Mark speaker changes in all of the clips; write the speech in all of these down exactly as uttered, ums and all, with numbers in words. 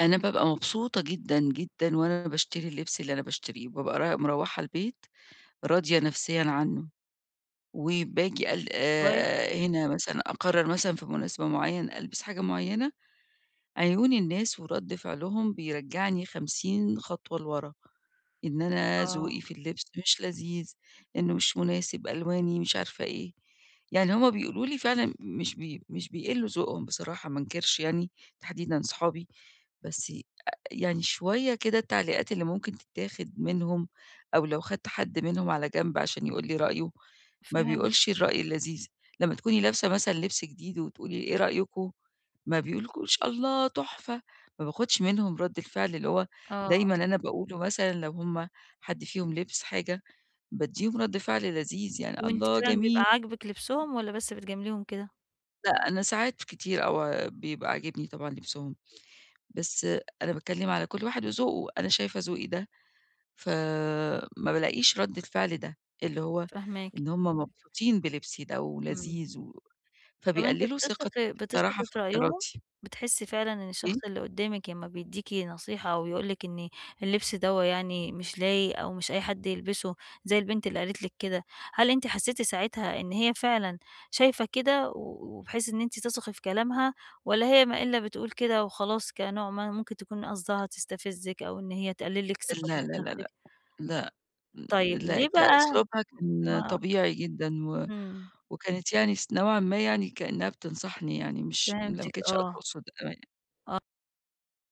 Speaker 1: أنا بابقى مبسوطة جدًا، جدًا، وأنا باشتري اللبس اللي أنا باشتريه، وبابقى رايح مروّحة البيت راضية نفسيًا عنه، وباجي ال
Speaker 2: كويس.
Speaker 1: هنا مثلًا أقرر مثلًا في مناسبة معينة، ألبس حاجة معينة، عيون الناس ورد فعلهم بيرجعني خمسين خطوة لورا، إن أنا
Speaker 2: آه.
Speaker 1: ذوقي في اللبس مش لذيذ، إنه مش مناسب، ألواني مش عارفة إيه، يعني هم بيقولوا لي فعلًا مش ب مش بيقلّوا ذوقهم بصراحة ما انكرش يعني، تحديدًا صحابي بس ي يعني شوية كده التعليقات اللي ممكن تتاخد منهم، أو لو خدت حد منهم على جنب عشان يقول لي رأيه، ما
Speaker 2: فهمت.
Speaker 1: بيقولش الرأي اللذيذ، لما تكوني لابسة مثلًا لبس جديد وتقولي إيه رأيكم، ما بيقولولكيش الله تحفة، ما باخدش منهم رد الفعل اللي هو
Speaker 2: آه.
Speaker 1: دايمًا أنا باقوله مثلًا لو هم حد فيهم لِبِس حاجة، بادّيهم رد فعل لذيذ يعني،
Speaker 2: وأنتِ
Speaker 1: الله،
Speaker 2: كمان بيبقى
Speaker 1: جميل.
Speaker 2: عاجبِك لبسهم والَّا بس بتجامليهم كده؟
Speaker 1: لأ، أنا ساعات كتير [unintelligible] بيبقى عاجبني طبعًا لبسهم، بس أنا باتكلم على كل واحد وذوقه، أنا شايفة ذوقي ده، ف ما بالاقيش رد الفعل ده، اللي هو
Speaker 2: فاهماكِ.
Speaker 1: إن هم مبسوطين بلبسي ده،
Speaker 2: إمم.
Speaker 1: ولذيذ و
Speaker 2: طب أنتِ
Speaker 1: فبيقلِّلوا ثقتي
Speaker 2: بتثقي
Speaker 1: بصراحة
Speaker 2: بتثقي
Speaker 1: في
Speaker 2: في رأيهم،
Speaker 1: اختياراتي.
Speaker 2: بتحسي فعلًا إن
Speaker 1: [unintelligible]
Speaker 2: الشخص اللي قدامِك لما بيدّيكِ نصيحة، أو يقول لِك إن اللبس دوّة يعني مش لايق أو مش أي حد يلبسه، زي البنت اللي قالت لِك كده، هل أنتِ حسيتِ ساعتها إن هي فعلًا شايفة كده، وبحيث إن أنتِ تثقي في كلامها، والَّا هي ما إلّا بتقول كده وخلاص كنوع ما ممكن تكون قصدها تستفزِك أو إن هي تقلّل لِك ثقتِك
Speaker 1: لأ،
Speaker 2: في
Speaker 1: لأ،
Speaker 2: نفسِك؟
Speaker 1: لأ، لأ، لأ،
Speaker 2: طيب، ليه
Speaker 1: لأ،
Speaker 2: بقى
Speaker 1: أسلوبها كان
Speaker 2: ما
Speaker 1: طبيعي جدًا، و
Speaker 2: إمم.
Speaker 1: وكانت يعني س نوعًا ما يعني كأنها بتنصحني يعني مش لأ ما
Speaker 2: فهمتِك،
Speaker 1: كانتش
Speaker 2: آه، آه
Speaker 1: تقصد [unintelligible]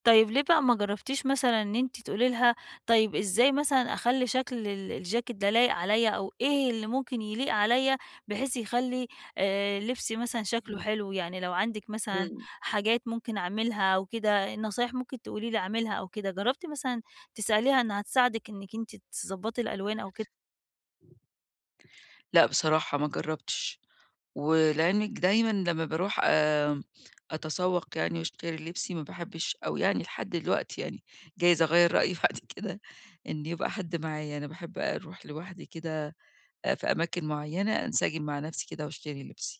Speaker 2: طيب ليه بقى ما جربتيش مثلًا إن أنتِ تقولي لها طيب إزاي مثلًا أخلّي شكل ال الجاكيت ده لايق عليَّ، أو إيه اللي ممكن يليق عليَّ، بحيث يخلي آآ، لبسي مثلًا شكله
Speaker 1: إمم.
Speaker 2: حلو يعني لو عندِك مثلًا
Speaker 1: امم.
Speaker 2: حاجات ممكن أعملها أو كده، نصايح ممكن تقولي لي اعملها أو كده جربتِ مثلًا تسأليها إنها تساعدِك إنك أنتِ تضبطي الألوان أو كده؟
Speaker 1: لأ، بصراحة ما جربتش ولعلمِك دايمًا لما باروح آآ، أتسوق يعني واشتري لبسي ما باحبش أو يعني لحد الوقتي يعني جايز أغيَّر رأيي بعد كده إن يبقى حد معايا، أنا باحب اروح لوحدي كده في أماكن معينة، انسجم مع نفسي كده واشتري لبسي.